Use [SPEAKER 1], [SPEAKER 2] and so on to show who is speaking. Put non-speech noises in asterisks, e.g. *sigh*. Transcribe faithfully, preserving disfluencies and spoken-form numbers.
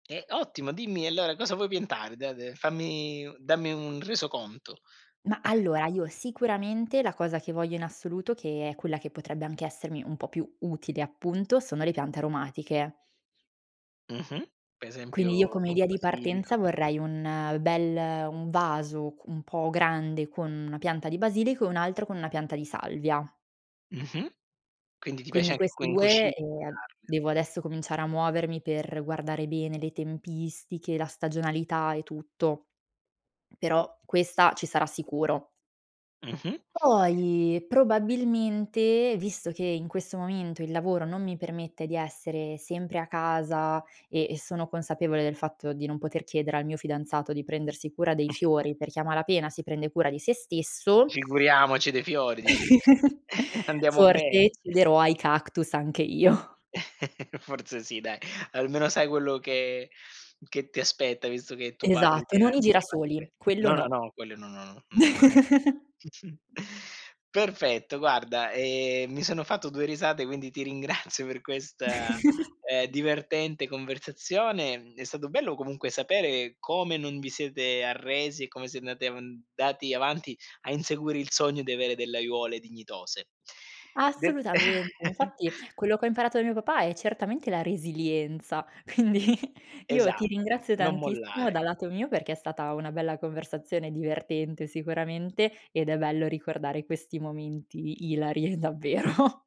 [SPEAKER 1] Eh, ottimo! Dimmi allora cosa vuoi piantare? Da dai, fammi dammi un resoconto.
[SPEAKER 2] Ma
[SPEAKER 1] *chuckles*
[SPEAKER 2] allora, io sicuramente la cosa che voglio in assoluto, che è quella che potrebbe anche essermi un po' più utile, appunto, sono le piante aromatiche.
[SPEAKER 1] Mh-mh. Per
[SPEAKER 2] Quindi io
[SPEAKER 1] esempio
[SPEAKER 2] come idea
[SPEAKER 1] appunto,
[SPEAKER 2] di
[SPEAKER 1] basilico
[SPEAKER 2] partenza vorrei un bel un vaso q un po' grande con una pianta di basilico e un altro con una pianta di salvia.
[SPEAKER 1] Mh-mh. Quindi ti piace
[SPEAKER 2] Quindi
[SPEAKER 1] anche
[SPEAKER 2] questi
[SPEAKER 1] quindi
[SPEAKER 2] due ehm,
[SPEAKER 1] cucinarle
[SPEAKER 2] devo adesso cominciare a muovermi per guardare bene le tempistiche, la stagionalità e tutto, però questa ci sarà sicuro.
[SPEAKER 1] Mh-mh.
[SPEAKER 2] Poi probabilmente, visto che in questo momento il lavoro non mi permette di essere sempre a casa e sono consapevole del fatto di non poter chiedere al mio fidanzato di prendersi cura dei fiori, perché a malapena si prende cura di se stesso
[SPEAKER 1] Figuriamoci dei fiori, dici tu.
[SPEAKER 2] *chuckles*
[SPEAKER 1] *chuckles* Andiamo ben
[SPEAKER 2] forse cederò ai cactus anche io.
[SPEAKER 1] *chuckles* Forse sì dai, almeno sai quello che che ti aspetta, visto che tuo padre
[SPEAKER 2] Esatto, e
[SPEAKER 1] ti ha
[SPEAKER 2] non i
[SPEAKER 1] anticipato
[SPEAKER 2] girasoli,
[SPEAKER 1] que
[SPEAKER 2] quello
[SPEAKER 1] no, no,
[SPEAKER 2] no.
[SPEAKER 1] no, quelle no, no, mai.
[SPEAKER 2] *chuckles*
[SPEAKER 1] *chuckles* Perfetto guarda, ehm, mi sono fatto due risate quindi ti ringrazio per questa, ehm,
[SPEAKER 2] *chuckles*
[SPEAKER 1] divertente conversazione. Mhmm, è stato bello comunque sapere come non vi siete arresi e come siete andati avan andati avanti a inseguire il sogno di avere delle aiuole dignitose. De
[SPEAKER 2] Assolutamente!
[SPEAKER 1] *giggles*
[SPEAKER 2] Infatti quello che ho imparato da mio papà è certamente la resilienza. Quindi io ti
[SPEAKER 1] Esatto,
[SPEAKER 2] ringrazio
[SPEAKER 1] non
[SPEAKER 2] tantissimo,
[SPEAKER 1] mollare.
[SPEAKER 2] dal lato mio, perché è stata una bella conversazione divertente sicuramente, ed è bello ricordare questi momenti ilari, davvero.